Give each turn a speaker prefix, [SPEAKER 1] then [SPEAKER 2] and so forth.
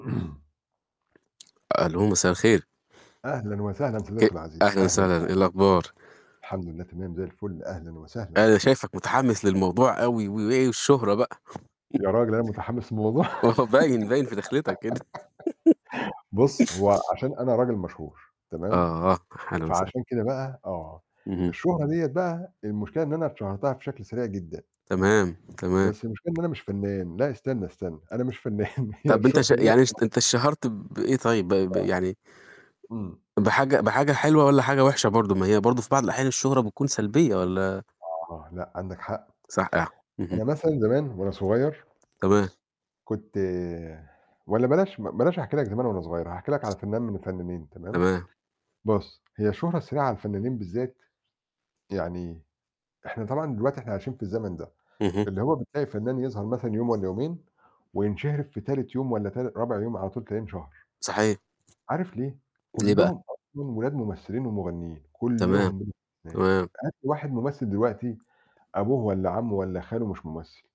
[SPEAKER 1] ألو، مساء الخير.
[SPEAKER 2] أهلًا وسهلًا
[SPEAKER 1] أ
[SPEAKER 2] صديقي العزيز،
[SPEAKER 1] أهلًا
[SPEAKER 2] أهلًا، أهًلا.
[SPEAKER 1] وسهلًا، إيه الأخبار؟
[SPEAKER 2] الحمد لله تمام زي الفل. أهلًا وسهلًا.
[SPEAKER 1] أنا شايفك متحمس للموضوع أوي و والشهرة بقى.
[SPEAKER 2] يا راجل أنا متحمس للموضوع؟
[SPEAKER 1] ما هو باين، باين في دخلتك كده.
[SPEAKER 2] بُص، هو عشان أنا راجل مشهور تمام؟
[SPEAKER 1] آه، أهلًا وسهلًا.
[SPEAKER 2] فعشان كده بقى آه.
[SPEAKER 1] اهم.
[SPEAKER 2] الشهرة ديّة بقى المشكلة إن أنا اتشهرتها بشكل سريع جدًا.
[SPEAKER 1] تمام، تمام.
[SPEAKER 2] بس المشكلة إن أنا مش فنان، لأ استنى، استنى، أنا مش فنان، هي
[SPEAKER 1] طب أنت
[SPEAKER 2] الشهرة
[SPEAKER 1] ش يعني
[SPEAKER 2] ديّة
[SPEAKER 1] اشت أنت
[SPEAKER 2] [unintelligible]
[SPEAKER 1] اتشهرت بإيه طيب؟ ب ب
[SPEAKER 2] آه،
[SPEAKER 1] يعني
[SPEAKER 2] إمم.
[SPEAKER 1] بحاجة بحاجة حلوة والَّا حاجة وحشة برضه؟ ما هي برضه في بعض الأحيان الشهرة بتكون سلبية والَّا؟
[SPEAKER 2] آه، لأ، عندك حق.
[SPEAKER 1] صحيح. اهم.
[SPEAKER 2] أنا مثلًا زمان وأنا صغير
[SPEAKER 1] تمام.
[SPEAKER 2] كنت والَّا بلاش ب بلاش أحكي لك زمان وأنا صغير هاحكي لك على فنان من الفنانين تمام؟
[SPEAKER 1] تمام.
[SPEAKER 2] بُص، هي الشهرة السريعة على الفنانين بالذات يعني إحنا طبعًا دلوقتي إحنا عايشين في الزمن ده،
[SPEAKER 1] اهم.
[SPEAKER 2] اللي هو بتلاقي فنان يظهر مثلًا يوم والَّا يومين، وينشهر في تالت يوم والَّا ت رابع يوم على طول تلاقيه انشهر.
[SPEAKER 1] صحيح.
[SPEAKER 2] عارف ليه؟
[SPEAKER 1] ليه بقى؟
[SPEAKER 2] كلّهم أصلًا ولاد ممثلين ومغنيين،
[SPEAKER 1] تمام،
[SPEAKER 2] كلّهم بلا استثناء،
[SPEAKER 1] تمام.
[SPEAKER 2] هات لي واحد ممثل دلوقتي أبوه والَّا عمه والَّا خاله مش ممثل.